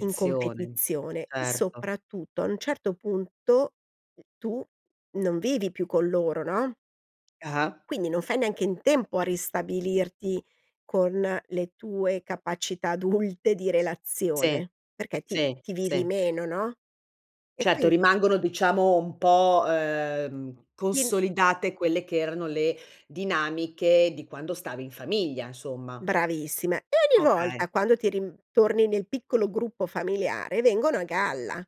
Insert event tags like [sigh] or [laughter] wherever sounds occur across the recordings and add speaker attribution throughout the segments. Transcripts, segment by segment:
Speaker 1: In competizione e
Speaker 2: certo.
Speaker 1: soprattutto a un certo punto tu non vivi più con loro, no?
Speaker 2: Ah-ah.
Speaker 1: Quindi non fai neanche in tempo a ristabilirti con le tue capacità adulte di
Speaker 2: Sì,
Speaker 1: relazione, perché ti
Speaker 2: sì,
Speaker 1: ti vivi
Speaker 2: sì.
Speaker 1: meno, no? E
Speaker 2: Certo,
Speaker 1: quindi
Speaker 2: rimangono, diciamo, un po', uhm,
Speaker 1: Ti n
Speaker 2: consolidate quelle che erano le dinamiche di quando stavi in famiglia, insomma.
Speaker 1: Bravissime e ogni
Speaker 2: Okay.
Speaker 1: volta quando ti rim torni nel piccolo gruppo familiare, vengono a galla,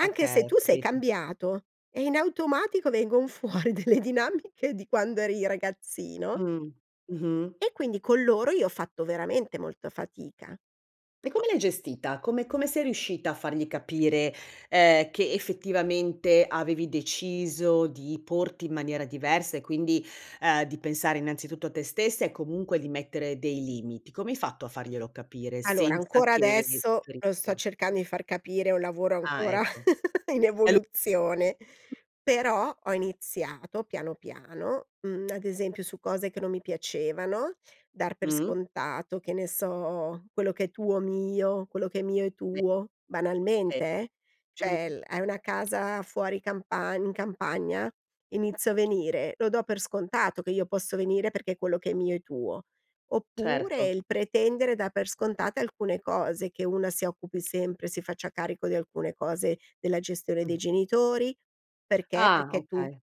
Speaker 1: anche
Speaker 2: Okay,
Speaker 1: se tu sei
Speaker 2: capito.
Speaker 1: cambiato e in automatico vengon fuori delle dinamiche di quando eri ragazzino
Speaker 2: Mh. Mh-mh.
Speaker 1: e quindi con loro io ho fatto veramente molta fatica.
Speaker 2: E
Speaker 1: Ho
Speaker 2: come l'hai gestita? Come come sei riuscita a fargli capire, ehm, che effettivamente avevi deciso di porti in maniera diversa e quindi, ehm, di pensare innanzitutto a te stessa e comunque di mettere dei limiti? Come hai fatto a farglielo capire
Speaker 1: Allora,
Speaker 2: senza
Speaker 1: ancora
Speaker 2: che si
Speaker 1: adesso, lo sto
Speaker 2: ferissero?
Speaker 1: cercando di far capire, è un lavoro
Speaker 2: Ah,
Speaker 1: ancora
Speaker 2: ecco.
Speaker 1: [chuckles] in
Speaker 2: È lu
Speaker 1: evoluzione, però ho iniziato piano, piano, mhmm, [tsk] ad esempio, su cose che non mi piacevano, dar per
Speaker 2: Mh-mh.
Speaker 1: scontato, che ne so, quello che è tuo mio, quello che è mio è
Speaker 2: E
Speaker 1: tuo,
Speaker 2: e.
Speaker 1: banalmente, eh. Cioè
Speaker 2: Mh-mh.
Speaker 1: l hai una casa fuori campagn in campagna, inizio a venire; lo do per scontato che io posso venire perché quello che è mio è tuo. Oppure
Speaker 2: Certo.
Speaker 1: il pretendere dar per scontate alcune cose: che una si occupi sempre, si faccia carico di alcune cose della gestione dei
Speaker 2: Mh.
Speaker 1: genitori, perché?
Speaker 2: Ah,
Speaker 1: Perché tu
Speaker 2: okay.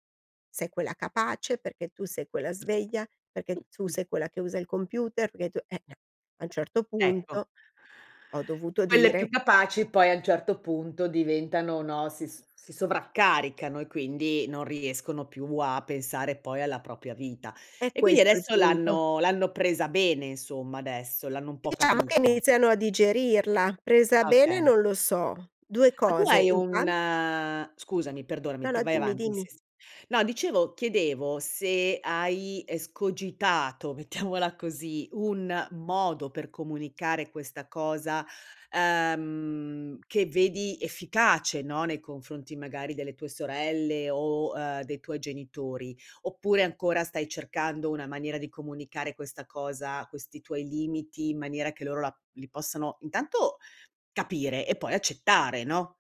Speaker 1: sei quella capace, perché tu sei quella sveglia, perché tu sei quella che usa il computer, perché tu eh, eh, a un certo
Speaker 2: Ecco.
Speaker 1: punto, ho dovuto
Speaker 2: Quelle
Speaker 1: dire
Speaker 2: più capaci poi a un certo punto diventano no, si s si sovraccaricano e quindi non riescono più a pensare poi alla propria vita.
Speaker 1: È
Speaker 2: E quindi
Speaker 1: questo il
Speaker 2: adesso
Speaker 1: punto.
Speaker 2: l'hanno l'hanno presa bene, insomma, adesso, l'hanno un po'
Speaker 1: Diciamo che
Speaker 2: capita.
Speaker 1: iniziano a digerirla. Presa
Speaker 2: Ah,
Speaker 1: bene
Speaker 2: okay.
Speaker 1: non lo so. 2
Speaker 2: Ma tu
Speaker 1: cose:
Speaker 2: hai un
Speaker 1: intan
Speaker 2: scusami, perdonami,
Speaker 1: No,
Speaker 2: p
Speaker 1: no,
Speaker 2: vai
Speaker 1: dimmi,
Speaker 2: avanti
Speaker 1: dimmi.
Speaker 2: sì, sì. No dicevo chiedevo se hai escogitato, mettiamola così, un modo per comunicare questa cosa, uhm, che vedi efficace, no, nei confronti magari delle tue sorelle o, uhm, dei tuoi genitori, oppure ancora stai cercando una maniera di comunicare questa cosa, questi tuoi limiti in maniera che loro la li possano intanto capire e poi accettare, no?